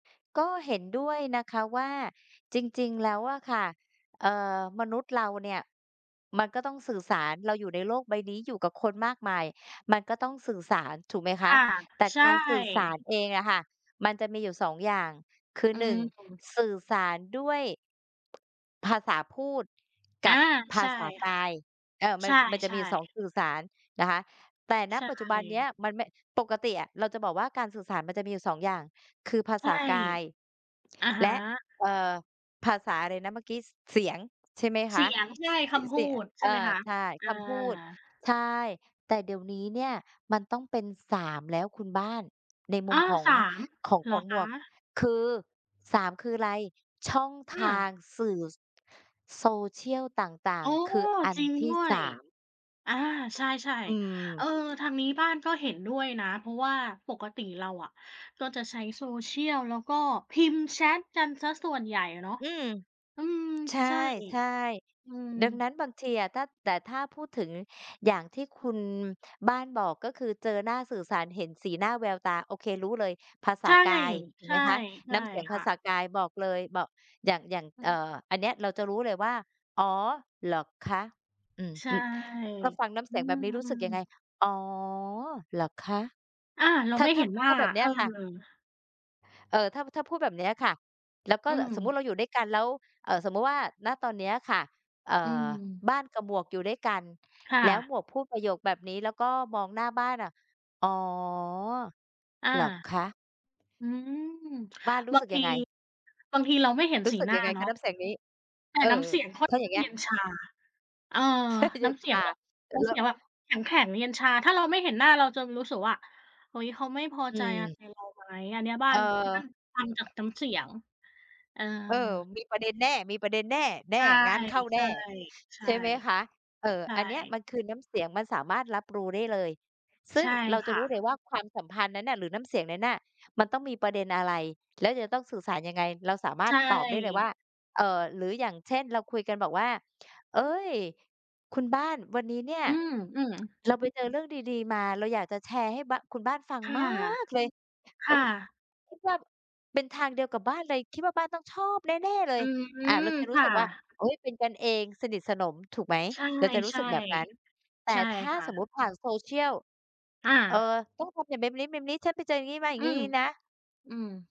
ก็เห็นด้วยนะคะว่า จริง ๆ แล้วอะค่ะ เอ่อ มนุษย์เราเนี่ยมันก็ต้องสื่อสาร เราอยู่ในโลกใบนี้ อยู่กับคนมากมาย มันก็ต้องสื่อสารถูกไหมคคะ ่ะ แต่ใชก่ ารสื่อสารเองอะค่ะ มันจะมีอยู่ 2 อย่าง คือ อืหนึม ่ง ถ สื่อสารด้วย ภาษาพูด อกา ับภใชา่ษาคก่ะ าย เออ มัใชน จ มันจะมี่ อยู่ 2 ๆ สื่อสารนะคะ แต่ ณ ใชปัจจุบันเนี้่ ยมันไม่ ปกติอะเราจะบอกว่าการสื่อสารมันจะมีอยู่ 2 อย่าง คือภาใชษ่ ากาย อะฮและ ะ เอ่อ ภาษาอะไรนะเมื่อกี้ ส เสียงใช่ไหมคเสะ ียง ใช่ ส เสคีย ำพเสูียง ด ใชเ่อไหมอ คะ? ใช่ อคา ำพูด ใช่ แต่เดี๋ยวนี้เนี่ยมันต้องเป็น 3 แล้วคุณบ้าน ในมุอมา ของ 3 ของ เขหรอองหมควะ? ก คือ 3 คืออะไร ช่องอทางา สื่อ social ต่าอ๋ง อ ๆ คืออัจนริงทดี้่ วสย าม อา ใช่ อืม ๆ เออ ทางนี้บ้านก็เห็นด้วยนะ เพราะว่าปกติเราอะก็จะใช้ social แล้วก็พิมพ์แชตกันเสียส่วนใหญ่อะเนาะ อืม อืม ใชใช่ ่ อืม ๆ ดังนั้นบางทีอะถ้า แต่ถ้าพูดถึงอย่างที่คุณบ้านบอก ก็คือเจอหน้า สื่อสาร เห็นสีหน้าแววตา โอเค รู้เลย ภาษใาช่ กายถูๆ ใกไหมคะ ชน่้ำเสียง คภา่ษะ ากาย บอกเลย บอก อย่าง อย่าง อืเอ่อ ม อันเนี้ยเราจะรู้เลยว่า "อ๋อ เหรอคะ?" อืม ใช่ ร ถ้าฟังน้ำอเืสียงแบม บนี้รู้สึกยังไง "อ๋อ เหรอคะ?" อา เราถ้า ไม่ถเ้า ห็นวถ่้า าแบบเนีเ้อยอ ค่ะ เอ่อ ถ้า ถ้าพูดแบบเนี้ยค่ะ แล้วก็อืแบบสมมุติเรม าอยู่ด้วยกันแล้ว เอ่อ สมมุติว่า ณ ตอนเนี้ยค่ะ เอ่อือ ม บ้านกับหมวกอยู่ด้วยกัน ค่แล้วหะ มวกพูดประโยคแบบนี้ แล้วก็มองหน้าบ้านอะ "อ๋อ อา เหรอคะ?" อืม บ้านรูบ้าสงึกทยี ังไง? บางทีเราไม่เห็นรู้สีสึกหน้ยาังไงเนคาะะ น้ำเสียงนี้? แต่เอน้อ ำเสียงค่อถน้าอยข่า้างเงงี้เย ย็นชา เออ แทบจะเนย็้น ำเสียองา แบบ อ น้แำลเส้ียว งแบบแข็ง ๆ เย็นชา ถ้าเราไม่เห็นหน้าเราจะรู้สึกว่า "เฮ้ย! เขาไม่พออืใจอะไม รเราไหม?" อันนี้บ้าเออ น บ้านฟังจากน้ำเสียง เออ เออ มีประเด็นแน่ มีประเด็นแน่ แน่ ใชงานเข้าแน่ ่ ๆ ๆ ใช่ไหมคะ เออ ใช่ อันเนี้ยมันคือน้ำเสียง มันสามารถรับรู้ได้เลย ซึใ่ชง่เราจคะ่รู้เลยะ ว่าความสัมพันธ์นั้นน่ะหรือน้ำเสียงนั้นน่ะมันต้องมีประเด็นอะไร แล้วจะต้องสื่อสารยังไง เราสามาใรชถ่ ตอบได้เลยว่า เอ่อ หรืออย่างเช่นเราคุยกันบอกว่า "เอ๊ย! คุณบ้านวันนี้เนี่ย อืม ๆ เราไปเจอเรื่องดี ๆ มา เราอยากจะแชร์ให้บ้า คุณบ้านฟังค่ะ มากเลย คแล้่ว บ ะ คิดว่าเป็นทางเดียวกับบ้านเลย คิดว่าบ้านต้องชอบแน่ ๆ เลอืย" อา เรม าจะรูค้่สะ ึกว่า โอ๊ย เป็นกันเองสนิทสนม ถูกไหม ใช่ เราจะรู้สึกแบบนั้น แตๆ ่ใช่ถ้าค่สมมุะ ติผ่าน social อเอ่อ า ต้องทำอย่าง แบบนี้ ๆ ฉันไปเจออย่างงี้ มาอย่าอืงงี้ ม นี้นะ อืม